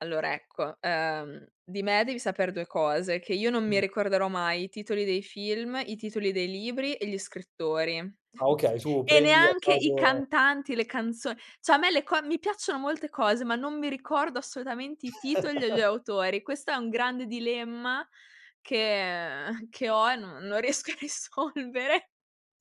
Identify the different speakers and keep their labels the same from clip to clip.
Speaker 1: Allora, ecco, ehm, di me devi sapere 2 cose, che io non mi
Speaker 2: [unintelligible]
Speaker 1: ricorderò mai i titoli dei film, i titoli dei libri e gli scrittori,
Speaker 2: Ah. Okay, tu
Speaker 1: e
Speaker 2: prendi a
Speaker 1: neanche i
Speaker 2: caso
Speaker 1: cantanti, le canzon cioè a me le co mi piacciono molte cose, ma non mi ricordo assolutamente i titoli e gli autori. Questo è un grande dilemma che uhm, che ho e non non riesco a risolvere.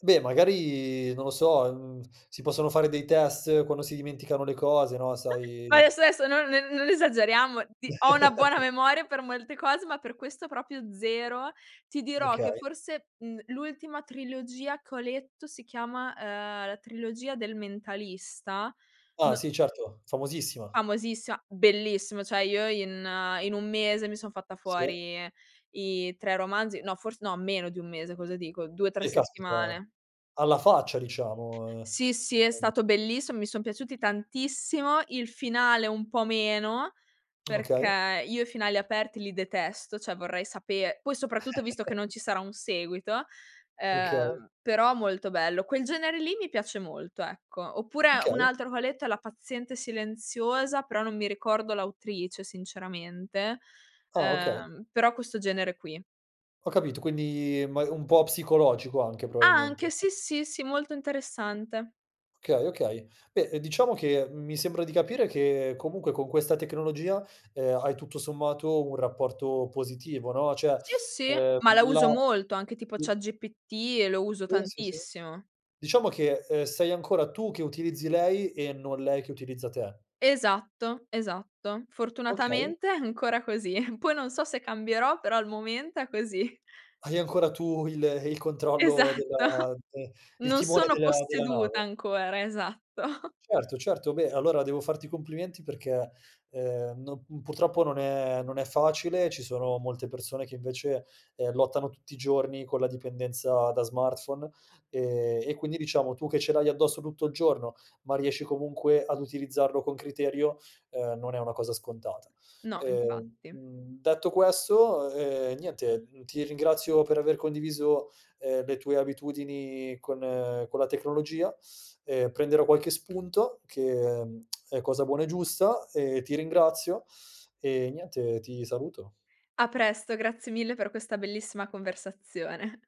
Speaker 2: Beh, magari non lo so, uhm, si possono fare dei test quando si dimenticano le cose, no, sai
Speaker 1: Adesso, adesso non ne non esageriamo, ti ho una buona memoria per molte cose, ma per questo proprio zero. Ti dirò che
Speaker 2: Okay.
Speaker 1: forse, mhmm, l'ultima trilogia che ho letto si chiama, uhm, la trilogia del mentalista?
Speaker 2: Ah.
Speaker 1: No
Speaker 2: Sì certo, famosissima.
Speaker 1: Famosissima, bellissimo, cioè io in in 1 mese mi son fatta
Speaker 2: Sì.
Speaker 1: fuori i 3 romanzi, no fors no meno di 1 mese, cosa dico, 2, 3
Speaker 2: Eh caspita!
Speaker 1: settimane.
Speaker 2: Alla faccia diciamo, ehm,
Speaker 1: Sì, sì, è
Speaker 2: [unintelligible]
Speaker 1: stato bellissimo, mi son piaciuti tantissimo, il finale un po' meno,
Speaker 2: Okay.
Speaker 1: perché io i finali aperti li detesto, cioè vorrei saper poi soprattutto visto che non ci sarà un seguito,
Speaker 2: Okay.
Speaker 1: ehm, però molto bello. Quel genere lì mi piace molto, ecco. Oppure un
Speaker 2: Okay.
Speaker 1: altro che ho letto è La paziente silenziosa, però non mi ricordo l'autrice sinceramente,
Speaker 2: Ah, okay.
Speaker 1: ehm, però questo genere qui.
Speaker 2: Ho capito, quindi ma un po' psicologico anche
Speaker 1: A anche
Speaker 2: probabilmente.
Speaker 1: sì, sì, sì, molto interessante.
Speaker 2: Okay. Okay. Beh, uhm, diciamo che, mhmm, mi sembra di capire che comunque con questa tecnologia, uhm, hai tutto sommato un rapporto positivo, no, cioè,
Speaker 1: Sì, sì,
Speaker 2: uhm,
Speaker 1: ma la uso molto, anche tipo
Speaker 2: [unintelligible]
Speaker 1: chatGPT e lo uso
Speaker 2: Pensa se
Speaker 1: tantissimo.
Speaker 2: diciamo che, uhm, sei ancora tu che utilizzi lei e non lei che utilizza te.
Speaker 1: Esatto, esatto.
Speaker 2: Okay.
Speaker 1: Fortunatamente è ancora così. Poi non so se cambierò, però al momento è così.
Speaker 2: Hai ancora tu il il controllo
Speaker 1: Esatto.
Speaker 2: della de il
Speaker 1: Non
Speaker 2: timone
Speaker 1: sono
Speaker 2: della della
Speaker 1: posseduta
Speaker 2: nave.
Speaker 1: ancora, esatto.
Speaker 2: Certo, certo, beh, allora devo farti i complimenti perché, ehm, no mhmm, purtroppo non è non è facile, ci sono molte persone che invece, ehm, lottano tutti i giorni con la dipendenza da smartphone, ehm, e quindi diciamo tu che ce l'hai addosso tutto il giorno, ma riesci comunque ad utilizzarlo con criterio, ehm, non è una cosa scontata.
Speaker 1: No
Speaker 2: Ehm,
Speaker 1: infatti.
Speaker 2: mhmm, detto questo, ehm, niente, mhmm, ti ringrazio per aver condiviso, ehm, le tue abitudini con con la tecnologia. Ehm, prenderò qualche spunto che, mhmm, è cosa buona e giusta e ti ringrazio. E niente, ti saluto.
Speaker 1: A presto, grazie mille per questa bellissima conversazione.